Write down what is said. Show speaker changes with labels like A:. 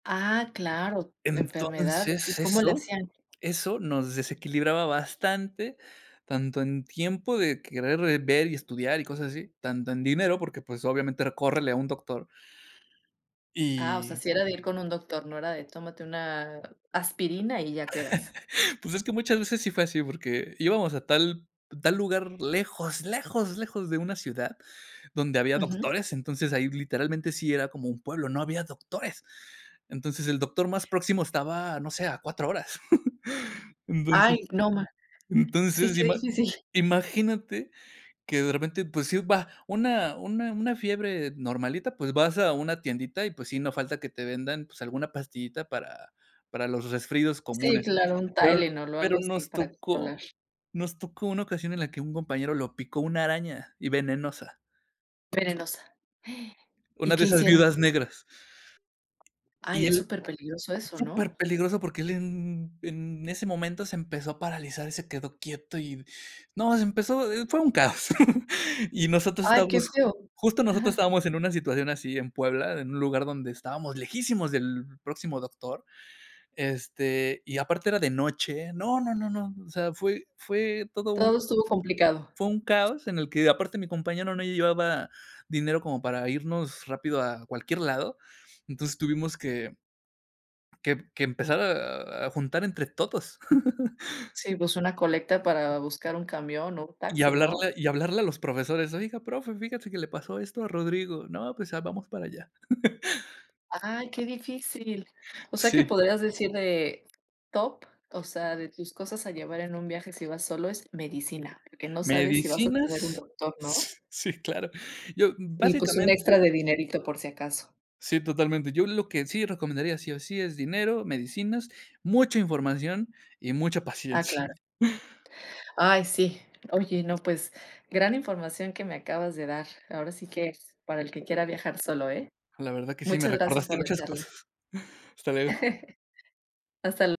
A: Ah, claro, enfermedades. ¿Y
B: Entonces,
A: cómo le
B: eso
A: hacían?
B: eso, nos desequilibraba bastante. Tanto en tiempo, de querer, eh, ver y estudiar, y cosas así. Tanto en dinero, porque, pues, obviamente, era: "Córrele a un doctor".
A: Ah, o sea,
B: Y
A: sí era de ir con un doctor, no era de: "Tómate una aspirina, y ya quedas".
B: Pues, es que muchas veces, sí fue así, porque íbamos a tal tal lugar, lejos, lejos, lejos de una ciudad, donde había
A: Ujú.
B: doctores, entonces, ahí, literalmente, sí era, como un pueblo, no había doctores. Entonces, el doctor más próximo, estaba, no sé, a 4 horas,
A: Ay,
B: entonces
A: no ma Sí,
B: entonces,
A: qué
B: ima
A: difícil.
B: imagínate, que de repente, pues, iba una una una fiebre normalita, pues, vas a una tiendita, y pues, sí, no falta que te vendan, pues, alguna pastillita, para para los resfríos
A: Sí,
B: comunes.
A: claro, un
B: Pero
A: Tylenol o
B: pero
A: algo así,
B: nos
A: para
B: tocó
A: controlar.
B: nos tocó una ocasión, en la que un compañero, lo picó una araña, y venenosa.
A: Venenosa.
B: Una
A: ¿Y
B: de
A: qué
B: esas
A: hicieron?
B: viudas negras. Y
A: Ay, es
B: él
A: súper peligroso eso, ¿no?
B: Súper peligroso, porque él, en en ese momento, se empezó a paralizar, y se quedó quieto, y no, se empezó, eh, fue un caos. Y nosotros
A: Ay, qué
B: estábamos
A: feo,
B: justo, nosotros
A: ajá.
B: estábamos, en una situación así, en Puebla, en un lugar, donde estábamos lejísimos del próximo doctor, este, y aparte, era de noche, no, no, no, no. O sea, fue fue todo un
A: Todo estuvo complicado.
B: fue un caos. En el que aparte, mi compañero, no llevaba dinero, como para irnos rápido, a cualquier lado. Entonces, tuvimos que que emp que empezar a a juntar, entre todos.
A: Sí pues, una colecta, para buscar un camión o un
B: Y
A: taxi, ¿no?
B: hablarle y hablarle a los profesores: "Oiga, profe, fíjese, que le pasó esto a Rodrigo. 'No, pues, a vamos para allá'".
A: Ay, qué difícil. O sea, que
B: Sí.
A: podrías decir de top, o sea, de tus cosas a llevar en un viaje, si vas solo, es medicina, porque no sabes, si vas a tener un
B: Medicinas,
A: doctor, ¿no?
B: s sí, claro. Yo,
A: Y, pues, un
B: básicamente
A: extra de dinerito, por si acaso.
B: Sí, totalmente, yo lo que sí recomendaría, sí o sí, es dinero, medicinas, mucha información, y mucha
A: Ah,
B: paciencia.
A: claro. Ay, sí. Oye, no, pues, gran información que me acabas de dar, ahora sí, que para el que quiera viajar solo, ¿eh?
B: La verdad, que sí me
A: Muchas gracias
B: recordaste
A: por la
B: muchas
A: charla.
B: cosas. Hasta luego.
A: Hasta l